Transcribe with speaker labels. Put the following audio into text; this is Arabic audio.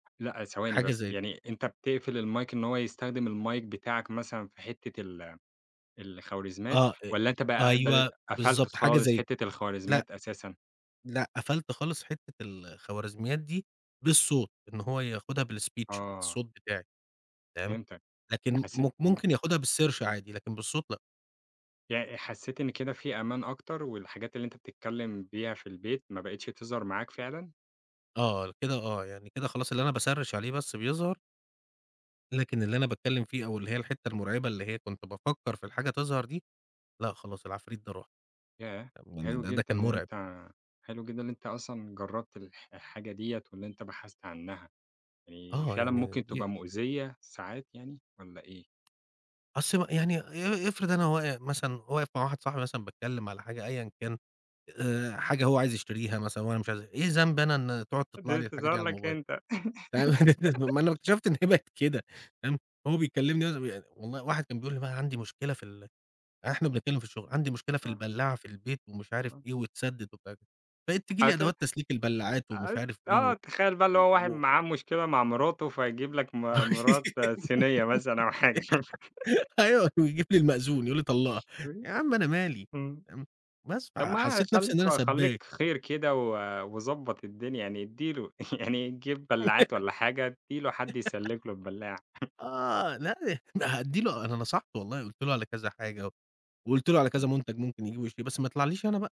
Speaker 1: لأ، ثواني
Speaker 2: حاجة
Speaker 1: بس،
Speaker 2: زي كده.
Speaker 1: يعني أنت بتقفِل المايك إن هو يستخدِم المايك بتاعك مثلًا في حِتّة ال الخوارزميّات
Speaker 2: آه،
Speaker 1: والّا أنت
Speaker 2: أ
Speaker 1: بقى قبْل
Speaker 2: أيوه
Speaker 1: قفَلت
Speaker 2: بالضبط، حاجة
Speaker 1: خالص،
Speaker 2: زي
Speaker 1: حِتّة
Speaker 2: لأ،
Speaker 1: الخوارزميّات أساسًا.
Speaker 2: لأ، قفَلت خالص حِتّة ال الخوارزميات دي بالصوت، إن هو ياخدها بالspeech،
Speaker 1: آه.
Speaker 2: بالصوت بتاعي، فاهم؟
Speaker 1: فهمتك.
Speaker 2: لكن م
Speaker 1: حسّيت إمم.
Speaker 2: ممكن ياخدها بالسيرش عادي، لكن بالصوت لأ.
Speaker 1: يع حسّيت إن كده في أمان أكتَر والحاجات اللي أنت بتتكلّم بيها في البيت، ما بقيتش تظهَر معاك فعلًا؟
Speaker 2: آه، كده آه، يعني كده خلاص اللي أنا باسرِّش عليه بس بيظهَر لكن اللي أنا باتكلّم فيه أو اللي هي الحِتّة المُرعِبة اللي هي كنت بافكّر في الحاجة تظهَر دي، لأ خلاص العفريت ده راح،
Speaker 1: ياه!
Speaker 2: [unintelligible] ده
Speaker 1: حلو
Speaker 2: ده ده
Speaker 1: جدًا،
Speaker 2: كان
Speaker 1: إن
Speaker 2: مُرعِب.
Speaker 1: أنت حلو جدًا إن أنت أصلًا جرّبت الح الحاجة دِيّة وإن أنت بحثت عنّها آآ،
Speaker 2: آه،
Speaker 1: فعلًا
Speaker 2: يعني
Speaker 1: ممكن
Speaker 2: دي
Speaker 1: تبقى مؤذيّة، ساعات يعني والّا إيه؟
Speaker 2: أص يعني ي إ إفرِض أنا واق مثلًا واقف مع واحد صاحبي مثلًا باتكلّم على حاجة، أيًا كان آآ، حاجة هو عايز يشتريها مثلًا وأنا مش عايزها، إيه ذنبي أنا إن تقعُد
Speaker 1: ت
Speaker 2: تطلَع لي الحاجة
Speaker 1: تظهَر
Speaker 2: دي
Speaker 1: لك
Speaker 2: عالموبايل،
Speaker 1: أنت.
Speaker 2: [unintelligible] أومال لو اكتشفْت إن هي بقيت كده فاهم، هو بيكلّمني أنا ي والله واحد كان بيقول لي بقى: "عَندي مشكلة في ال" إحنا بنتكلّم في الشغل، "عندي مشكلة في
Speaker 1: آه.
Speaker 2: البلّاعة في البيت" ومش عارف
Speaker 1: آه.
Speaker 2: إيه واتسدّت ومش عارف إيه، بقيت تيجي
Speaker 1: على
Speaker 2: لي
Speaker 1: كده
Speaker 2: أدوات تسليك البلاعات ومش
Speaker 1: آ
Speaker 2: عارف إيه
Speaker 1: آه،
Speaker 2: و
Speaker 1: تخيّل بقى
Speaker 2: و
Speaker 1: اللي هو واحد
Speaker 2: و
Speaker 1: معاه مشكلة مع مِراته، فيجيب لك م مِرات صينيّة مثلًا أو حاجة.
Speaker 2: أيوة ويجيب لي المأذون يقول لي طلَّقها.
Speaker 1: [unintelligible]
Speaker 2: يا عم أنا مالي
Speaker 1: إمم.
Speaker 2: فاهم، بس،
Speaker 1: طَب ما
Speaker 2: فحسّيت نفْسي إن
Speaker 1: تخلّيك
Speaker 2: أنا
Speaker 1: خلّيك
Speaker 2: سبّاك.
Speaker 1: خِير كده و وضبّط الدنيا، يعني إدّي له يعني تجيب بلّاعات والّا حاجة، إدّي له حد يسلِّك له البلّاعة.
Speaker 2: آه، لأ ل هادّي له أنا نصَحته والله قُلت له على كذا حاجة وقُلت له على
Speaker 1: إمم.
Speaker 2: كذا منتَج ممكن ييجيبه ويشتريه، بس ما يطلَعليش أنا بقى.